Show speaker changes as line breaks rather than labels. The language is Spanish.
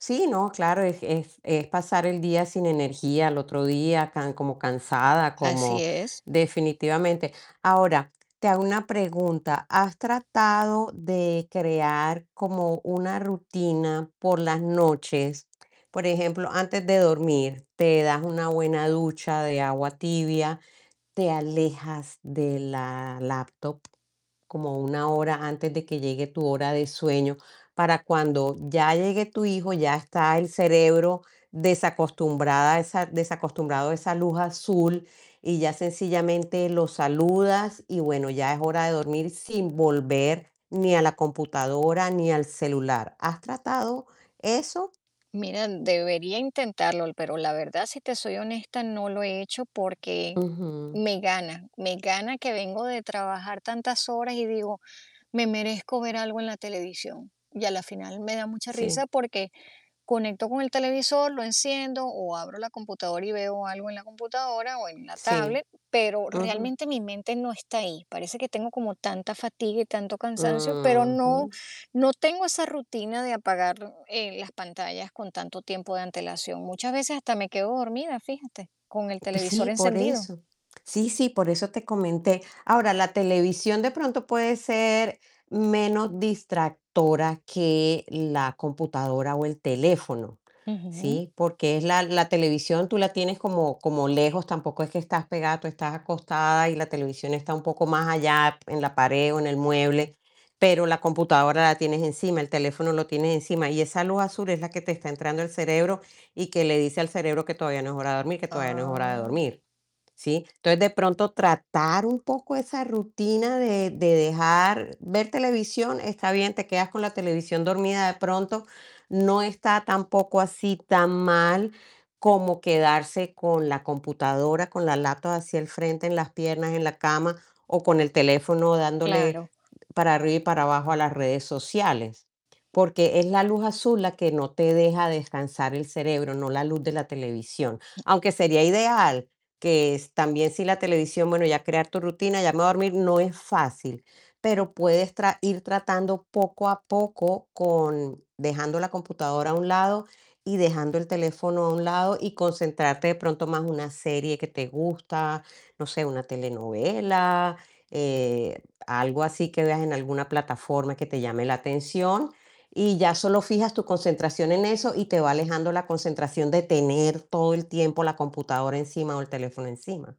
Sí, no, claro, es es es pasar el día sin energía al otro día, can como cansada,
Así
como
es.
definitivamente. Ahora, te hago una pregunta, ¿has tratado de crear como una rutina por las noches? Por ejemplo, antes de dormir te das una buena ducha de agua tibia, te alejas de la laptop como 1 hora antes de que llegue tu hora de sueño para cuando ya llegue tu hijo, ya está el cerebro desacostumbrada esa desacostumbrado a esa luz azul y ya sencillamente lo saludas y bueno, ya es hora de dormir sin volver ni a la computadora ni al celular. ¿Has tratado eso?
Mira, debería intentarlo, l pero la verdad, si te soy honesta, no lo he hecho porque
Ujú.
me gana. Me gana que vengo de trabajar tantas horas y digo: "Me merezco ver algo en la televisión". Y a la final me da mucha risa
Sí.
porque conecto con el televisor, lo enciendo o abro la computadora y veo algo en la computadora o en la
Sí.
tablet, pero
Ujú.
realmente mi mente no está ahí. Parece que tengo como tanta fatiga y tanto cansancio, pero no
Ujú.
no tengo esa rutina de apagar, eh, las pantallas con tanto tiempo de antelación. Muchas veces hasta me quedo dormida, fíjate, con el
Pues
televisor
sí, por
encendido.
eso. Sí, sí, por eso te comenté. Ahora, la televisión de pronto puede ser menos distractora que la computadora o el teléfono,
Ujú.
¿sí? Porque es la la televisión tú la tienes como como lejos, tampoco es que estás pegada, tú estás acostada y la televisión está un poco más allá en la pared o en el mueble, pero la computadora la tienes encima, el teléfono lo tienes encima y esa luz azul es la que te está entrando al cerebro y que le dice al cerebro que todavía no es hora de dormir, que todavía no es hora de
Ah.
dormir, ¿sí? Entonces, de pronto tratar un poco esa rutina de de dejar ver televisión está bien, te quedas con la televisión dormida de pronto no está tampoco así tan mal como quedarse con la computadora, con la laptop así al frente, en las piernas, en la cama o con el teléfono dándole
Claro.
para arriba y para abajo a las redes sociales. Porque es la luz azul la que no te deja descansar el cerebro, no la luz de la televisión. Aunque sería ideal que es también si la televisión, bueno, ya crear tu rutina, ya me voy a dormir no es fácil, pero puedes tra ir tratando poco a poco con dejando la computadora a un lado y dejando el teléfono a un lado y concentrarte de pronto más una serie que te gusta, no sé, una telenovela, eh, algo así que veas en alguna plataforma que te llame la atención y ya solo fijas tu concentración en eso y te va alejando la concentración de tener todo el tiempo la computadora encima o el teléfono encima.